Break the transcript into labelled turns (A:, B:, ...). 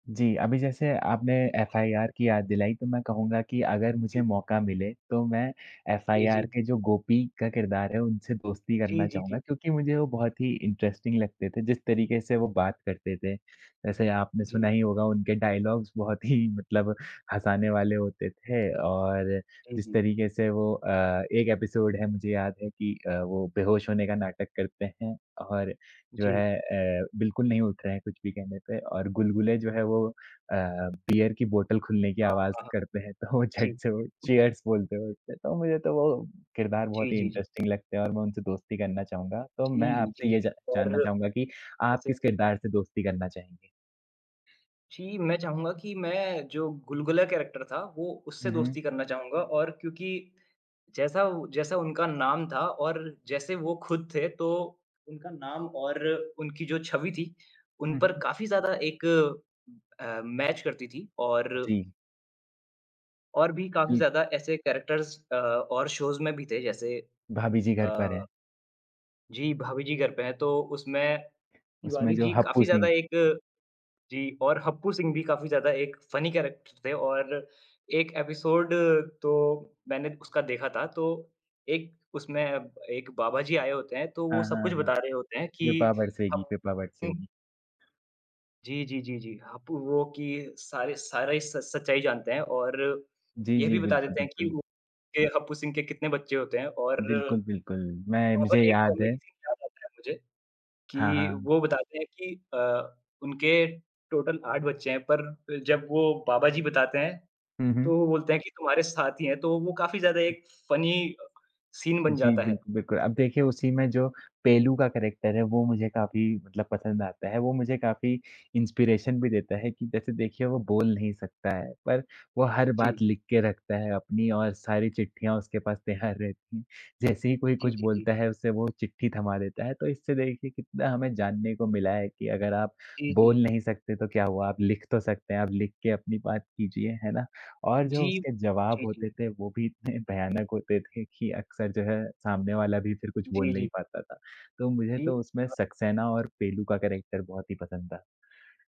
A: जी, अभी जैसे आपने एफ़आईआर की याद दिलाई तो मैं कहूँगा कि अगर मुझे
B: जी।
A: मौका मिले, तो मैं
B: जी,
A: एफ़आईआर
B: जी।
A: के जो गोपी का किरदार है, उनसे दोस्ती
B: जी,
A: करना
B: जी,
A: चाहूँगा,
B: जी।
A: क्योंकि मुझे वो बहुत ही इंटरेस्टिंग लगते थे, जिस तरीके से वो बात करते थे। वैसे आपने सुना
B: जी।
A: ही होगा उनके डायलॉग्स बहुत ही मतलब हँसाने वाले होते थे और
B: जी,
A: जिस
B: जी।
A: तरीके से वो अ, एक एपिसोड है मुझे याद है कि अ, वो बेहोश होने का नाटक करते हैं और जो
B: जी।
A: है अ, बिल्कुल नहीं उठ रहे हैं, कुछ भी कहने पे और गुलगुले जो है वो अ, बीयर की बोतल खुलने की
B: हाँ,
A: आवाज़
B: हाँ।
A: करते हैं तो वो
B: जी।
A: झट से वो चीयर्स बोलते हुए उठते हैं। तो मुझे तो वो किरदार बहुत
B: जी,
A: ही
B: जी, जी।
A: इंटरेस्टिंग लगते हैं और मैं उनसे दोस्ती करना चाहूँगा, तो मैं
B: जी,
A: आपसे
B: जी,
A: ये ज
B: जी।
A: जानना
B: और
A: चाहूँगा कि आप
B: जैसे
A: किस किरदार से दोस्ती करना चाहेंगे?
B: जी, मैं चाहूँगा कि मैं जो गुलगुला कैरेक्टर था, वो
A: हुँ,
B: उससे
A: हुँ।
B: दोस्ती करना चाहूँगा और क्योंकि जैसा जैसा उनका नाम था और जैसे वो खुद थे तो उनका नाम और उनकी जो छवि थी, उन
A: हुँ,
B: पर
A: हुँ।
B: काफ़ी ज़्यादा एक अ, मैच करती थी और
A: जी।
B: और भी काफ़ी
A: बिल
B: ज़्यादा ऐसे कैरेक्टर्स अ, और शोज़ में भी थे जैसे
A: भाभी जी घर पर
B: अ
A: हैं।
B: जी, भाभी जी घर पे हैं, तो उसमें
A: उसमें
B: तिवारी
A: जो
B: जी
A: हप्पू
B: काफ़ी ज़्यादा
A: सिंह
B: एक जी और हप्पु सिंह भी काफ़ी ज़्यादा एक फ़नी कैरेक्टर थे और 1 एपिसोड तो मैंने उसका देखा था तो, एक उसमें एक बाबा जी आए होते हैं, तो
A: हाँ,
B: वो सब
A: हाँ,
B: कुछ
A: हाँ।
B: बता रहे होते हैं
A: कृपा
B: कि
A: बरसेगी
B: हप
A: कृपा
B: उ
A: बरसेगी।
B: जी, जी, जी, जी। हप्पु वो कि सारे सारे स सच्चाई जानते हैं और
A: जी,
B: ये
A: जी,
B: भी बता
A: बिल्कुल,
B: देते हैं कि
A: बिल्कुल।
B: वु कि हप्पु सिंह के कितने बच्चे होते हैं और
A: बिल्कुल, बिल्कुल मैं मुझे
B: और एक
A: याद है।
B: कॉमेडी सीन याद आता है मुझे,
A: हाँ,
B: कि
A: हाँ।
B: वो बताते हैं कि अ, उनके टोटल 8 बच्चे हैं, पर जब वो बाबा जी बताते हैं,
A: हुँ, हुँ।
B: तो वो बोलते हैं कि तुम्हारे 7 ही हैं, तो वो काफ़ी ज़्यादा एक फ़नी अ, सीन बन
A: जी,
B: जाता
A: बिल्क
B: है।
A: बिल्कुल। अब देखिए उसी में जो पेलू का कैरेक्टर है, वो मुझे काफ़ी मतलब पसंद आता है। वो मुझे काफ़ी इंस्पिरेशन भी देता है कि जैसे देखिए, वो बोल नहीं सकता है, पर वो हर बात
B: जी।
A: लिख के रखता है अपनी और सारी चिट्ठियाँ उसके पास तैयार रहतीं। जैसे ही कोई
B: जी,
A: कुछ
B: जी, जी।
A: बोलता है उसे वो चिट्ठी थमा देता है, तो इससे देखिए कितना हमें जानने को मिला है कि अगर आप
B: जी,
A: बोल
B: जी।
A: नहीं सकते तो क्या हुआ, आप लिख तो सकते हैं, आप लिख के अपनी बात कीजिए, है ना? और
B: जी,
A: जो उसके जवाब
B: जी,
A: होते
B: जी।
A: थे वो भी इतने भयानक होते थे कि अक्सर जो है, सामने वाला भी फिर कुछ
B: जी,
A: बोल नहीं
B: जी।
A: पाता था। तो मुझे
B: जी।
A: तो उसमें
B: अ
A: सक्सेना और पेलू का कैरेक्टर बहुत ही पसंद था।